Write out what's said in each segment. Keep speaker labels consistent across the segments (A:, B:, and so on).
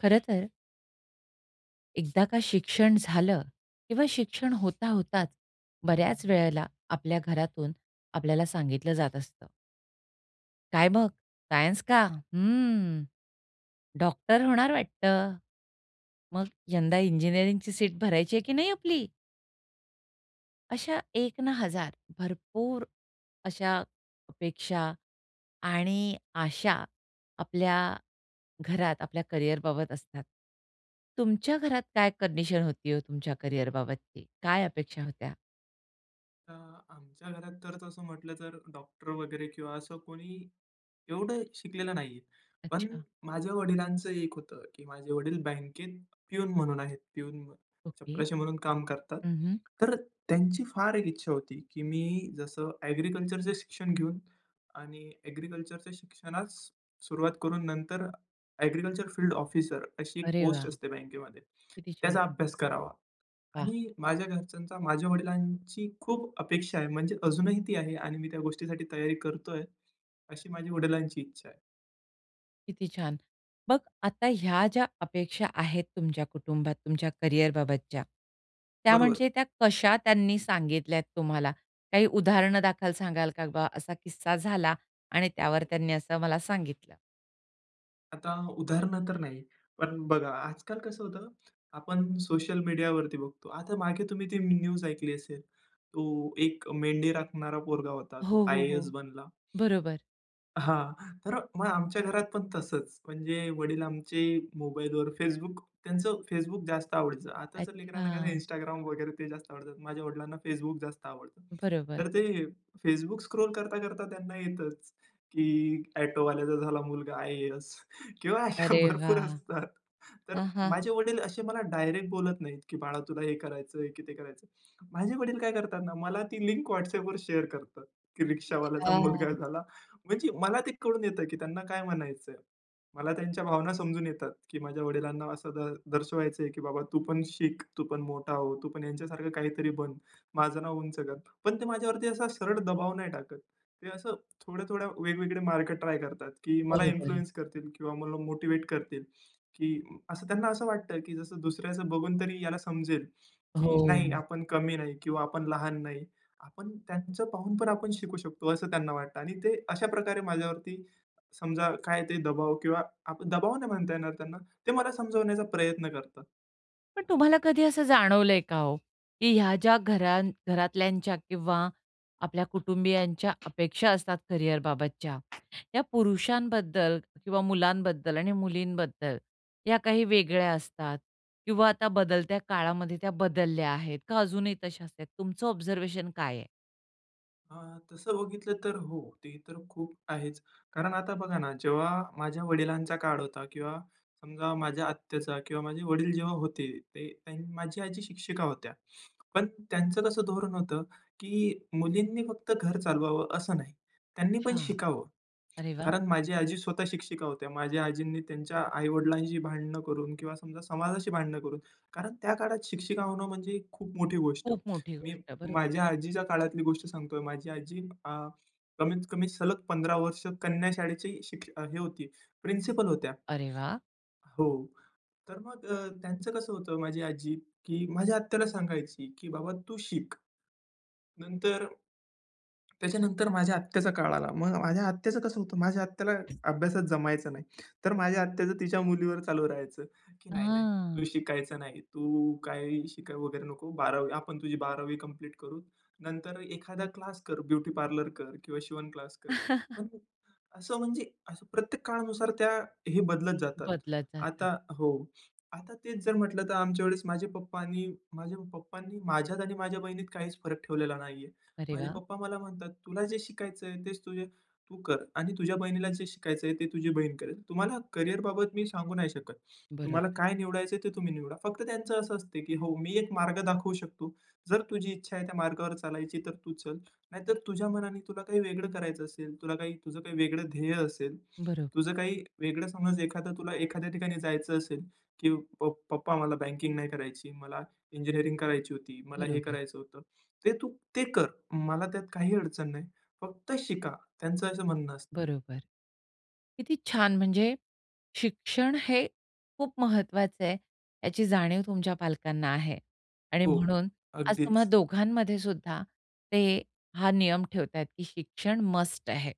A: खरंतर एकदा का शिक्षण झालं किंवा शिक्षण होता होताच बऱ्याच वेळेला आपल्या घरातून आपल्याला सांगितलं जात असतं. काय मग सायन्स का? हम्म, डॉक्टर होणार वाटतं. मग यंदा इंजिनिअरिंगची सीट भरायची आहे की नाही आपली? अशा एक ना हजार, भरपूर अशा अपेक्षा आणि आशा आपल्या घरात आपल्या करियरबाबत असतात. तुमच्या घरात काय कंडिशन होती हो, तुमच्या करियर बाबतची? काय अपेक्षा होत्या?
B: अ, आमच्या घरात तर तसं म्हटलं तर डॉक्टर वगैरे किंवा असं कोणी एवढं शिकलेलं नाहीये. पण
A: अच्छा.
B: माझ्या वडिलांचं एक होतं की माझे वडील बँकेत प्यून म्हणून आहेत. Peon
A: okay.
B: चपराशी म्हणून काम करतात.
A: हं, हं.
B: तर त्यांची फार एक इच्छा होती की मी जसं ॲग्रीकल्चरचं शिक्षण घेऊन आणि ॲग्रीकल्चरच्या शिक्षणास सुरुवात करून नंतर ॲग्रीकल्चर फील्ड ऑफिसर अशी एक
A: अरे वाह!
B: पोस्ट असते बँकेमध्ये.
A: किती छान.
B: त्याचा अभ्यास करावा.
A: वाह!
B: आणि माझ्या घरच्यांचा, माझ्या वडिलांची खूप अपेक्षा आहे. म्हणजे अजूनही ती आहे आणि मी त्या गोष्टीसाठी तयारी करतोय. अशी माझ्या वडिलांची इच्छा आहे.
A: किती छान. मग आता ह्या ज्या अपेक्षा आहेत तुमच्या कुटुंबात तुमच्या कॅरियरबाबतच्या. त्या
B: बरोबर.
A: म्हणजे त्या कशा त्यांनी सांगितल्यात तुम्हाला? काही उदाहरण दाखल सांगाल का बा? असा किस्सा झाला आणि त्यावर त्यांनी असं मला सांगितलं?
B: आता उदाहरणं तर नाही, पण बघा, आजकाल कसं होतं आपण सोशल मीडियावरती बघतो. आता मागे तुम्ही ती न्यूज ऐकली असेल. तो एक मेंढी राखणारा पोरगा होता. तो
A: हो, हो,
B: आय-ए-एस
A: हो.
B: बनला.
A: बरोबर.
B: हां, तर मग आमच्या घरात पण तसंच. म्हणजे वडील आमचे मोबाईलवर Facebook, त्यांचं Facebook जास्त आवडीचं. आता जर लेकरांना काही
A: अच्छा.
B: Instagram वगैरे ते जास्त आवडतात. माझ्या वडिलांना Facebook जास्त आवडतं.
A: बरोबर.
B: तर ते Facebook स्क्रॉल करता-करता त्यांना येतंच, की ऑटोवाल्याचा झाला मुलगा आय-ए-एस किंवा अशा
A: अरे
B: भरपूर
A: वाह!
B: असतात. तर
A: हां, हां,
B: माझे
A: हां.
B: वडील असे मला डायरेक्ट बोलत नाहीत, की बाळा तुला हे करायचंय की ते करायचं. माझे वडील काय करतात ना, मला ती लिंक WhatsAppवर शेअर करतात. की रिक्षावाल्याचा मुलगा
A: अच्छा.
B: झाला. म्हणजे मला ते कळून येतं की त्यांना काय म्हणायचं आहे. मला त्यांच्या भावना समजून येतात की माझ्या वडिलांना असं द दर्शवायचं आहे, की बाबा तू पण शिक, तू पण मोठा हो. तू पण ह्यांच्यासारखं काहीतरी बन. माझं नाव उंच कर. पण ते माझ्या वरती असा सरळ दबाव नाही टाकत. ते असं थोड्या-थोड्या वेगवेगळे मार्ग ट्राय करतात, की मला
A: बरोबर आहे.
B: इन्फ्लुअन्स करतील किंवा मला मोटिव्हेट करतील. की असं त्यांना असं वाटतं, की जसं दुसऱ्याचं बघून तरी याला समजेल. की नाही
A: हो.
B: आपण कमी नाही, किंवा आपण लहान नाही. आपण त्यांचं पाहून पण आपण शिकू शकतो असं त्यांना वाटतं. आणि ते अशा प्रकारे माझ्या वरती, समजा काय ते दबाव किंवा दबाव नाही म्हणता येणार त्यांना ते मला समजावण्याचा प्रयत्न करतात.
A: पण तुम्हाला कधी असं जाणवलं आहे का हो, की ह्या ज्या घरां घरातल्यांच्या किंवा आपल्या कुटुंबियांच्या अपेक्षा असतात करियर बाबतच्या, या पुरुषांबद्दल किंवा मुलांबद्दल आणि मुलींबद्दल, या काही वेगळ्या असतात. किंवा आता बदलत्या काळामध्ये त्या बदलल्या आहेत, का अजूनही तश्याचं आहे, तुमचं ऑब्झर्वेशन काय आहे?
B: अं, तसं बघितलं तर हो. ते तर खूप आहेच. कारण आता बघा ना, जेव्हा माझ्या वडिलांचा काळ होता किंवा समजा माझ्या आत्याचा किंवा माझे वडील जेव्हा होते, ते माझी आजी शिक्षिका होत्या. पण त्यांचं कसं धोरण होतं, की मुलींनी फक्त घर चालवावं, असं नाही. त्यांनी
A: अच्छा.
B: पण शिकावं.
A: अरे वाह!
B: कारण माझी आजी स्वतः शिक्षिका होत्या. माझ्या आजींनी त्यांच्या आई-वडिलांशी भांडणं करून किंवा समजा समाजाशी भांडणं करून. कारण त्या काळात शिक्षिका होणं म्हणजे खूप मोठी गोष्ट.
A: खूप मोठी
B: मी
A: गोष्ट आहे, बरं.
B: माझ्या आजीच्या काळातली गोष्ट सांगतो आहे. माझी आजी अ, कमीत कमी सलग 15 वर्ष कन्या शाळेचे शिक्ष हे होती. प्रिन्सिपल होत्या.
A: अरे वाह!
B: हो. तर मग अ, त्यांचं कसं होतं माझी आजी, की माझ्या आत्याला सांगायची की "बाबा तू शिक." नंतर त्याच्यानंतर माझ्या आत्याचा काळ आला. मग माझ्या आत्याचं कसं होतं, माझ्या आत्याला अभ्यासात जमायचं नाही. तर माझ्या आत्याचं तिच्या मुलीवर चालू राहायचं, की "नाही, नाही.
A: आं.
B: तू शिकायचं नाही. तू काही शिकाय वगैरे नको. 12वी आपण तुझी बारावी कंप्लीट करू. नंतर एखादा क्लास कर ब्युटी पार्लर कर किंवा शिवण क्लास कर." पण असं म्हणजे, असं प्रत्येक काळानुसार त्या हे बदलत जातात.
A: बदलत जातात.
B: आता हो. आता तेच जर म्हटलं तर आमच्या वेळी, माझे पप्पांनी माझ्या पप्पांनी माझ्यात आणि माझ्या बहिणीत काहीच फरक ठेवलेला नाही आहे.
A: अरे
B: माझे
A: वाह!
B: पप्पा मला म्हणतात "तुला जे शिकायचं आहे तेच तुझे तू कर. आणि तुझ्या बहिणीला जे शिकायचं आहे, ते तुझी बहीण करेल. तुम्हाला करियर बाबत मी सांगू नाही शकत. तुम्हाला
A: बरोबर.
B: काय निवडायचं आहे, ते तुम्ही निवडा." फक्त त्यांचं असं असते की "हो, मी एक मार्ग दाखवू शकतो. जर तुझी इच्छा आहे त्या मार्गावर चालायची तर तू चल. नाहीतर तुझ्या मनाने तुला काही वेगळं करायचं असेल, तुला काय तुझं काही वेगळं ध्येय असेल,
A: बरोबर.
B: तुझं काही वेगळं समज एखादं तुला एखाद्या ठिकाणी जायचं असेल की 'पप्प पप्पा मला बँकिंग नाही करायची. मला इंजिनिअरिंग करायची होती. मला हे
A: बरोबर.
B: करायचं होतं.' ते तू ते कर. मला त्यात काही अडचण नाही. फक्त शिका." त्यांचं असं म्हणणं असतं.
A: बरोबर. किती छान! म्हणजे, शिक्षण हे खूप महत्वाचं आहे, याची जाणीव तुमच्या पालकांना आहे. आणि
B: हो,
A: म्हणून, आज तुम्हा
B: अगदीच.
A: दोघांमध्ये सुद्धा, ते हा नियम ठेवता आहेत की शिक्षण मस्ट आहे.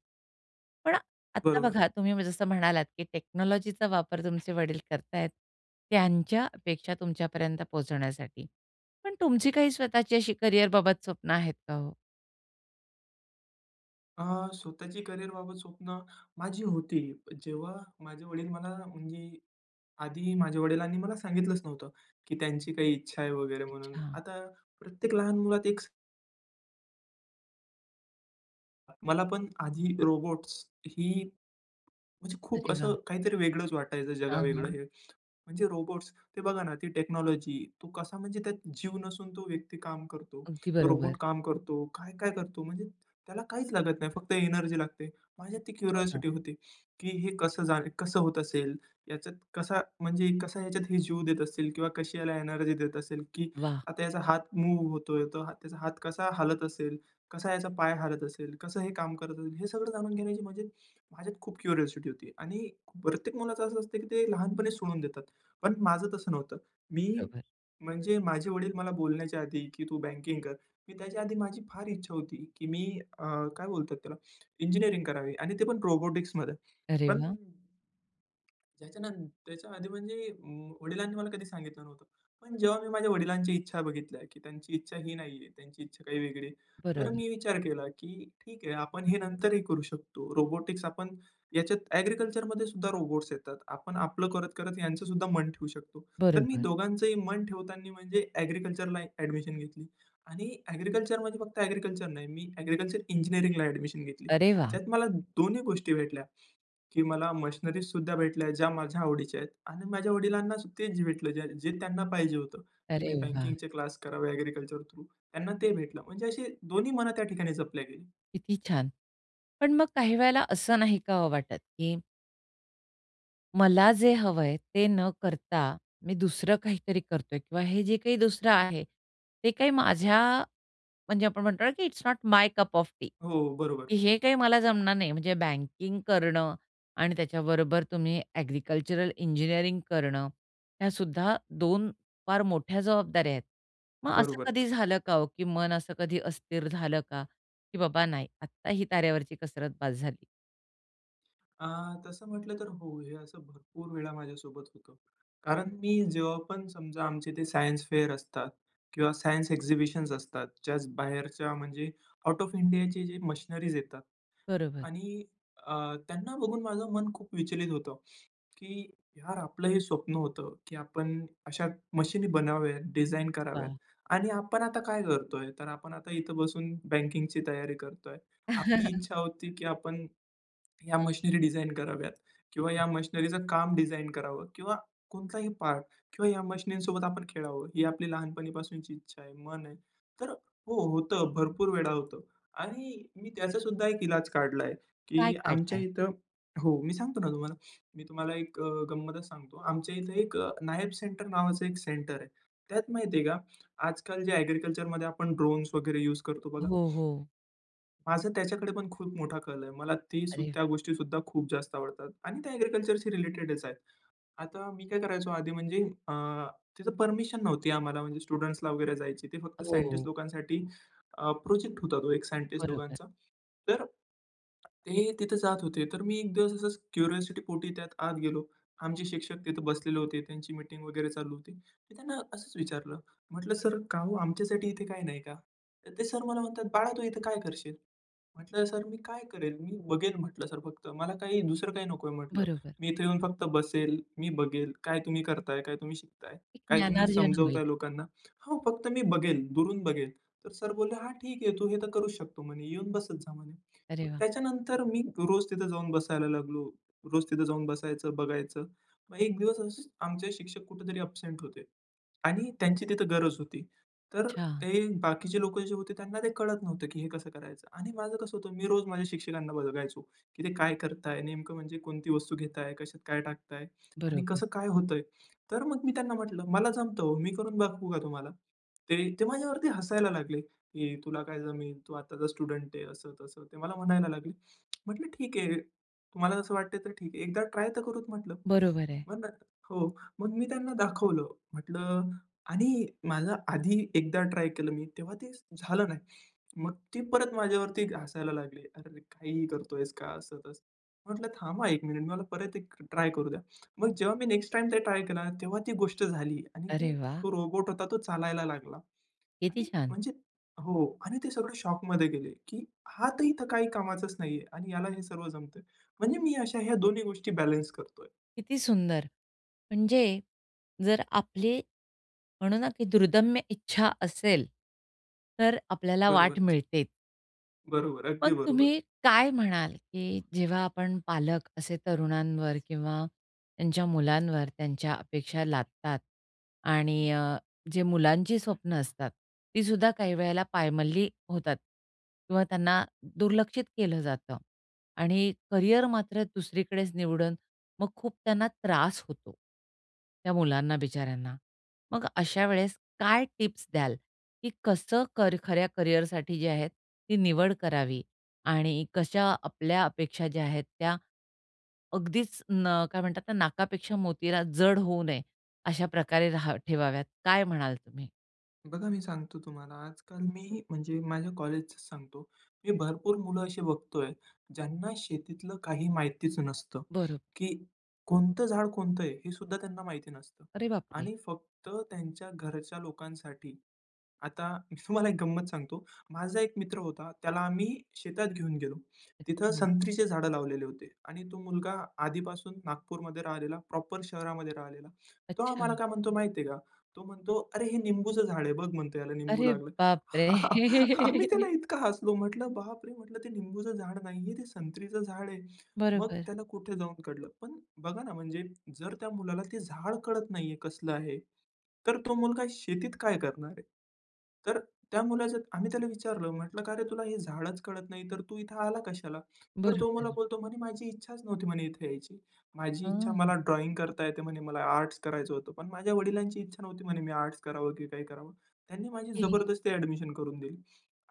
A: पण आता
B: बरोबर.
A: बघा, तुम्ही जसं म्हणालात की टेक्नॉलॉजीचा वापर तुमचे वडील करता आहेत, त्यांच्या अपेक्षा तुमच्या पर्यंत पोहचवण्यासाठी. पण तुमची काही स्वतःची अशी करियर बाबत स्वप्न आहेत का हो?
B: अ, स्वतःची करिअरबाबत स्वप्न माझी होती. जेव्हा माझे वडील मला म्हणजे आधी माझ्या वडिलांनी मला सांगितलंच नव्हतं की त्यांची काही इच्छा आहे वगैरे म्हणून
A: अच्छा.
B: आता प्रत्येक लहान मुलात एक स मला पण आधी रोबोट्स ही म्हणजे खूप
A: अरे,
B: असं
A: वाह!
B: काहीतरी वेगळंच वाटायचं
A: हां,
B: जगावेगळं
A: हां.
B: हे. म्हणजे रोबोट्स, ते बघा ना ती टेक्नॉलॉजी तो कसा म्हणजे त्यात जीव नसून तो व्यक्ती काम करतो.
A: अगदी
B: तो
A: बरोबर.
B: रोबोट काम करतो. काय-काय करतो? म्हणजे त्याला काहीच लागत नाही, फक्त एनर्जी लागते. माझ्यात ती
A: हो, ना.
B: क्युरिओसिटी होती की "हे कसं जा कसं होत असेल? याच्यात कसा, म्हणजे कसा ह्याच्यात हे जीव देत असतील? किंवा कशी याला एनर्जी देत असेल? की
A: वाह!
B: आता याचा हात मूव्ह होत आहे, तर त्याचा हात कसा हालत असेल? कसा याचा पाय हलत असेल? कसं हे काम करत असेल?" हे सगळं जाणून घेण्याची म्हणजे माझ्यात खूप क्युरिओसिटी होती आणि प्रत्येक मुलाचं असं असतं की ते लहानपणीच सोडून देतात. पण माझं तसं नव्हतं. मी
A: [unintelligible]
B: म्हणजे माझे वडील मला बोलण्याच्या आधी, की "तू बँकिंग कर." मी त्याच्या आधी माझी फार इच्छा होती की मी अ, काय बोलतात त्याला? इंजिनिअरिंग करावी आणि ते पण रोबोटिक्समध्ये
A: अरे,
B: पण
A: वाह!
B: त्याच्या नन त्याच्या आधी म्हणजे वडिलांनी मला कधी सांगितलं नव्हतं. पण जेव्हा मी माझ्या वडिलांच्या इच्छा बघितल्या की त्यांची इच्छा ही नाही आहे. त्यांची इच्छा काही वेगळी आहे. तर
A: बरोबर.
B: मी विचार केला की ठीक आहे आपण हे नंतरही करू शकतो रोबोटिक्स आपण याच्यात ॲग्रीकल्चरमध्ये सुद्धा रोबोट्स येतात. आपण आपलं करत-करत यांचं सुद्धा मन ठेवू शकतो. तर मी
A: बरोबर.
B: दोघांचही मन ठेवताना म्हणजे ॲग्रीकल्चरला ॲडमिशन घेतली आणि ॲग्रीकल्चर म्हणजे फक्त ॲग्रीकल्चर नाही. मी ॲग्रीकल्चर इंजिनिअरिंगला ॲडमिशन घेतली.
A: अरे वाह!
B: त्याच्यात मला दोन्ही गोष्टी भेटल्या, की मला मशिनरीज सुद्धा भेटल्या ज्या माझ्या आवडीच्या आहेत आणि माझ्या वडिलांना सु तेच भेटलं जे त्यांना पाहिजे होतं, की
A: अरे
B: "मी
A: वाह!
B: बँकिंगचे क्लास करावे ॲग्रीकल्चर थ्रू," त्यांना ते भेटलं म्हणजे अशी दोन्ही मन त्या ठिकाणी जपली गेली.
A: किती छान. पण मग काही वेळेला असं नाही का हो वाटत की मला जे हवं आहे ते न करता मी दुसरं काहीतरी करत आहे किंवा हे जे काही दुसरं आहे ते काही माझ्या म्हणजे आपण म्हणतो की it's not my cup of tea
B: हो, बरोबर.
A: की हे काही मला जमणार नाही म्हणजे बँकिंग करणं आणि त्याच्याबरोबर तुम्ही एग्रीकल्चरल इंजिनिअरिंग करणं, ह्या सुद्धा दोन फार मोठ्या जबाबदाऱ्या आहेत. मग असं
B: बरोबरच.
A: कधी झालं का हो की मन असं कधी हो अस्थिर झालं का की बाबा नाही आत्ता ही तारेवरची कसरत बस झाली?
B: आ तसं म्हटलं तर हो हे असं भरपूर वेळा माझ्यासोबत होतं. कारण मी जेव्हा पण समजा आमचे ते सायन्स फेअर असतात किंवा सायन्स एक्झिबिशन्स असतात जस्ट बाहेरच्या म्हणजे आउट ऑफ इंडियाचे जे मशिनरीज येतात
A: बरोबर.
B: आणि अ त्यांना बघून माझं मन खूप विचलित होतो, की यार आपलं हे स्वप्न होतं की आपण अशा मशीन बनाव्या डिझाइन कराव्यात
A: वाह!
B: आणि आपण आता काय करत आहे तर आपण आता इथं बसून बँकिंगची तयारी करत आहे. आपली इच्छा होती की आपण या मशिनरी डिझाइन कराव्यात किंवा या मशिनरीच काम डिझाइन करावं किंवा कोणताही पार्ट किंवा या मशिनरीसोबत आपण खेळावं ही आपली लहानपणीपासूनची इच्छा आहे मन आहे, तर हो होतं भरपूर वेळा होतं. आणि मी त्याचा सुद्धा एक इलाज काढला आहे
A: काय
B: की
A: काढलं
B: आमच्या
A: आहे?
B: इथं हो मी सांगतो ना तुम्हाला मी तुम्हाला एक अ गंमतच सांगतो आमच्या इथं एक नायब सेंटर नावाचं एक सेंटर आहे. त्यात माहिती आहे का आजकाल जे एग्रीकल्चरमध्ये आपण ड्रोन्स वगैरे यूज करतो बघा.
A: हो, हो.
B: माझं त्याच्याकडे पण खूप मोठा कल आहे. मला ते
A: अरे वाह!
B: त्या गोष्टी सुद्धा खूप जास्त आवडतात आणि त्या एग्रीकल्चरशी रिलेटेडच आहेत. आता मी काय करायचो आधी म्हणजे अ, तिथं परमिशन नव्हती आम्हाला म्हणजे स्टुडंट्सला वगैरे जायची. ते फक्त
A: हो.
B: सायंटिस्ट लोकांसाठी अ, प्रोजेक्ट होता तो एक सायंटिस्ट
A: बरोबर.
B: लोकांचा तर ते तिथे जात होते. तर मी एक दिवस असाच क्युरिऑसिटी पोटी त्यात आत गेलो. आमचे शिक्षक तिथं बसलेले होते. त्यांची मीटिंग वगैरे चालू होती. त त्यांना असंच विचारलं म्हटलं सर काम आमच्यासाठी इथे काही नाही का? तर ते सर मला म्हणतात बाळा तू इथे काय करशील? म्हटलं सर मी काय करेल मी बघेल म्हटलं सर फक्त मला काही दुसरं काही नको आहे म्हटलं.
A: बरोबर.
B: मी इथे येऊन फक्त बसेल, मी बघेल काय तुम्ही करत आहे काय तुम्ही शिकत आहे
A: एक
B: काय तुम्ही
A: ज्ञानार्जन
B: समजवत
A: होईल.
B: आहे लोकांना हो फक्त मी बघेल दुरून बघेल. तर सर बोलले हा ठीक आहे तू हे तर करू शकतो म्हणे येऊन बसत जा म्हणे. मग
A: अरे वाह!
B: त्याच्यानंतर मी रोज तिथं जाऊन बसायला लागलो. रोज तिथं जाऊन बसायचं बघायचं. मग एक दिवस असे आमचे शिक्षक कुठेतरी अबसेन्ट होते आणि त्यांची तिथं गरज होती. तर
A: अच्छा.
B: ते बाकीचे लोकं जे होते त्यांना ते कळत नव्हतं की हे कसं करायचं आणि माझं कसं होतं मी रोज माझ्या शिक्षकांना बघायचो की ते काय करत आहे नेमकं म्हणजे कोणती वस्तू घेत आहे कशात काय टाकत आहे आणि
A: बरोबर.
B: कसं काय होतं आहे. तर मग मी त्यांना म्हटलं मला जमतं हो मी करून बघवू का तुम्हाला ते? ते माझ्यावरती हसायला लागले की तुला काय जमेल तू आताचा स्टुडंट आहे असं तसं ते मला म्हणायला लागले. म्हटलं ठीक आहे. तुम्हाला असं वाटतं आहे तर ठीक आहे. एकदा ट्राय तर करू म्हटलं.
A: बरोबर आहे.
B: हो मग मी त्यांना दाखवलं. म्हटलं आणि माझं आधी एकदा ट्राय केलं मी तेव्हा ते झालं नाही. मग ती परत माझ्यावरती हसायला लागले. अरे काहीही करतोयेस का असं तसं. म्हटलं थांबा 1 मिनिट मी म्हणलं परत एक ट्राय करू द्या. मग जेव्हा मी नेक्स्ट टाईम ते ट्राय केला तेव्हा ती गोष्ट झाली आणि
A: अरे
B: ती
A: वाह!
B: तो रोबोट होता तो चालायला लागला
A: किती
B: आणि
A: छान.
B: म्हणजे हो आणि ते सगळे शॉकमध्ये गेले की हा तर इथं काही कामाचाच नाही आहे आणि याला हे सर्व जमतं आहे. म्हणजे मी अशा ह्या दोन्ही गोष्टी बॅलन्स करत आहे.
A: किती सुंदर. म्हणजे जर आपली म्हणू ना, की दुर्दम्य इच्छा असेल तर आपल्याला वाट
B: बरोबरचं.
A: मिळते.
B: बरोबर,
A: मग
B: अगदी बरोबर.
A: तुम्ही काय म्हणाल, की जेव्हा आपण पालक असे तरुणांवर किंवा त्यांच्या मुलांवर त्यांच्या अपेक्षा लादतात आणि अ, जे मुलांची स्वप्न असतात, ती सुद्धा काही वेळेला पायमल्ली होतात किंवा त्यांना दुर्लक्षित केलं जातं आणि करिअर मात्र दुसरीकडेच निवडन, मग खूप त्यांना त्रास होतो. त्या मुलांना बिचाऱ्यांना. मग अशा वेळेस काय टिप्स द्याल? की कसं खऱ्या करिअरसाठी जे आहेत ती निवड करावी आणि कशा आपल्या अपेक्षा ज्या आहेत, त्या अगदीच न काय म्हणतात नाकापेक्षा मोतीला जड होऊ नये अशा प्रकारे रहा ठेवाव्यात काय म्हणाल तुम्ही?
B: बघा मी सांगतो तुम्हाला, आजकाल मी म्हणजे माझ्या कॉलेजच सांगतो. मी भरपूर मुलं अशी बघत आहे, ज्यांना शेतीतलं काही माहितीच नसतं.
A: बरो
B: की कोणतं झाड कोणतं आहे हे सुद्धा त्यांना माहिती नसतं
A: अरे बापरे!
B: आणि फक्त त्यांच्या घरच्या लोकांसाठी, आता मी तुम्हाला एक गंमत सांगतो. माझा एक मित्र होता, त्याला आम्ही शेतात घेऊन गेलो. तिथं
A: अच्छा.
B: संत्रीचे झाडं लावलेले होते आणि तो मुलगा आधीपासून नागपूरमध्ये राहिलेला प्रॉपर शहरामध्ये राहिलेला तो
A: अच्छा.
B: आम्हाला काय म्हणतो माहिती आहे का, तो म्हणतो, "अरे हे निंबूचं झाड आहे बघ," म्हणतो, "याला निंबू
A: अरे
B: लागले."
A: बाप रे!
B: आम्ही त्याला इतकं हसलो म्हंटलं "बापरे!" म्हंटलं, "ते निंबूचं झाड नाही आहे, ते संत्रीचं झाड आहे." मग
A: बरोबर.
B: त्याला कुठे जाऊन कळलं. पण बघा ना, म्हणजे जर त्या मुलाला ते झाड कळत नाही आहे कसलं आहे, तर तो मुलगा शेतीत काय करणार आहे. तर त्या मुलाचं आम्ही त्याला विचारलं म्हंटलं, "का रे तुला हे झाडच कळत नाही, तर तू इथे आला कशाला?" तर तो मला
A: बरोबर.
B: बोलतो म्हणे, "माझी इच्छाच नव्हती," म्हणे, "इथे यायची." "माझी इच्छा
A: हं.
B: मला ड्रॉइंग करता येते म्हणे, मला आर्ट्स करायचं होतं." "पण माझ्या वडिलांची इच्छा नव्हती म्हणे मी आर्ट्स करावं की काय करावं. त्यांनी माझी
A: ओके.
B: जबरदस्ती एडमिशन करून दिली."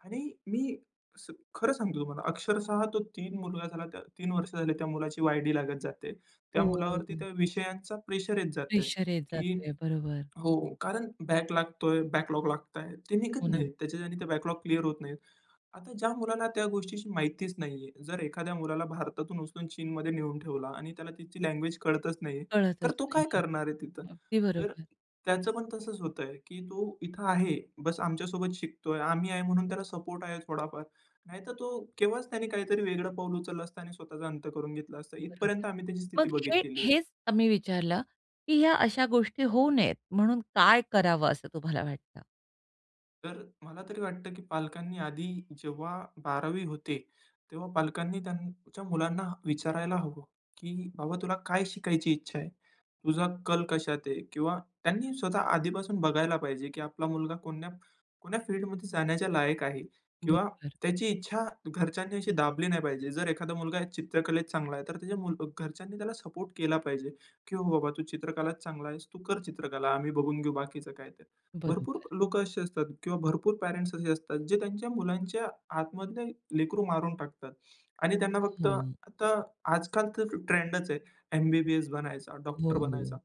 B: आणि मी सां खरं सांगतो तुम्हाला अक्षरशः तो 3 मुलगा झाला 3 वर्ष झाले त्या मुलाची वाय-डी लागत जाते. त्या मुलावरती
A: ओहो.
B: त्या विषयांचा प्रेशर येत जातं आहे,
A: प्रेशर येत जात
B: की
A: आहे. बरोबर.
B: हो कारण बॅक लागत आहे बॅकलॉग लागतं आहे, ते
A: हो
B: निघत
A: ना.
B: नाहीत त्याच्या. आणि ते बॅकलॉग क्लिअर होत नाहीत. आता ज्या मुलाला त्या गोष्टीची माहितीच नाही आहे, जर एखाद्या मुलाला भारतातून उचलून चीनमध्ये नेऊन ठेवला आणि त्याला तिची लँग्वेज कळतच नाही आहे,
A: कळतच
B: तर तो
A: नाही
B: काय
A: आहे.
B: करणार आहे तिथं.
A: अगदी
B: तर
A: बरोबर.
B: त्याचं पण तसंच होतं आहे, की तो इथं आहे बस आमच्यासोबत शिकत आहे आम्ही आहे म्हणून त्याला सपोर्ट आहे थोडाफार, नाहीतर तो केव्हाच त्याने काहीतरी वेगळं पाऊल उचललं असतं आणि स्वतःचा अंत करून घेतला असतं. इथपर्यंत
A: बरोबर.
B: आम्ही त्याची स्थिती
A: मग हे
B: बघितलेली आहे.
A: हेच आम्ही विचारलं, की ह्या अशा गोष्टी होऊ नयेत, म्हणून काय करावं असं तुम्हाला वाटतं?
B: तर मला तरी वाटतं, की पालकांनी आधी जेव्हा 12वी होते. तेव्हा पालकांनी त्यांच्या मुलांना विचारायला हवं, की बाबा तुला काय शिकायची इच्छा आहे? तुझा कल कशात आहे. किंवा त्यांनी स्वतः आधीपासून बघायला पाहिजे, की आपला मुलगा कोण्या कोण्या फील्डमध्ये जाण्याच्या लायक आहे किंवा
A: बरोबर.
B: त्याची इच्छा घरच्यांनी अशी दाबली नाही पाहिजे. जर एखादा मुलगा चित्रकलेत चांगला आहे. तर त्याच्या घरच्यांनी त्याला सपोर्ट केला पाहिजे, की बाबा तू चित्रकलात चांगला आहेस तू कर चित्रकला. आम्ही बघून घेऊ बाकीचं काय ते. भरपूर
A: बरोबर.
B: अ, लोकं असे असतात किंवा भरपूर पेरेंट्स असे असतात, जे त्यांच्या मुलांच्या आतमधले लेकरू मारून टाकतात आणि त्यांना फक्त
A: हं.
B: आता आजकाल तर ट्रेंडच आहे. एम-बी-बी-एस बनायचा,
A: हो,
B: डॉक्टर बनायचा.
A: हो.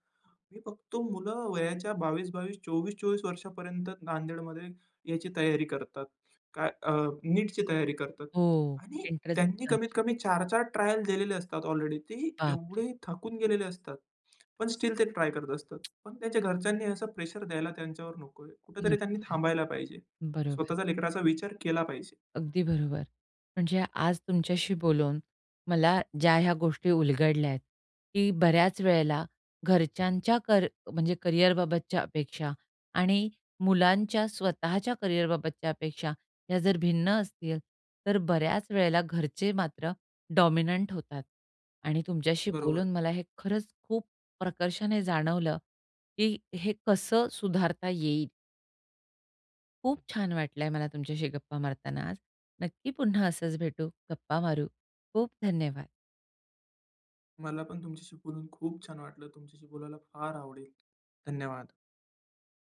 B: मी फक्त मुलं वयाच्या 22-22, 24-24, वर्षापर्यंत नांदेडमध्ये याची तयारी करतात. काय अ, नीटची तयारी करतात
A: हो
B: आणि
A: एंट्रन्स
B: त्यांनी
A: एग्जामची.
B: कमीतकमी 4-4 ट्रायल दिलेले असतात. ऑलरेडी ते
A: बापरे!
B: एवढे थकून गेलेले असतात. पण स्टिल ते ट्राय करत असतात. पण त्यांच्या घरच्यांनी असं प्रेशर द्यायला त्यांच्यावर नकोय.
A: नको
B: कुठेतरी त्यांनी
A: आहे.
B: थांबायला पाहिजे.
A: बरोबर.
B: स्वतःच्या लेकराचा विचार केला पाहिजे.
A: अगदी बरोबर. म्हणजे आज तुमच्याशी बोलून मला ज्या ह्या गोष्टी उलगडल्या आहेत, की बऱ्याच वेळेला घरच्यांच्या कर म्हणजे करिअरबाबतच्या अपेक्षा आणि मुलांच्या स्वतःच्या करिअरबाबतच्या अपेक्षा, या जर भिन्न असतील तर बऱ्याच वेळेला घरचे मात्र डॉमिनंट होतात आणि तुमच्याशी
B: बरोबर.
A: बोलून मला हे खरंच खूप प्रकर्षाने जाणवलं, की हे कसं सुधारता येईल. खूप छान वाटलंय मला तुमच्याशी गप्पा मारताना आज. नक्की पुन्हा असंच भेटू, गप्पा मारू. खूप धन्यवाद.
B: मला पण तुमच्याशी बोलून खूप छान वाटलं. तुमच्याशी बोलायला फार आवडेल. धन्यवाद.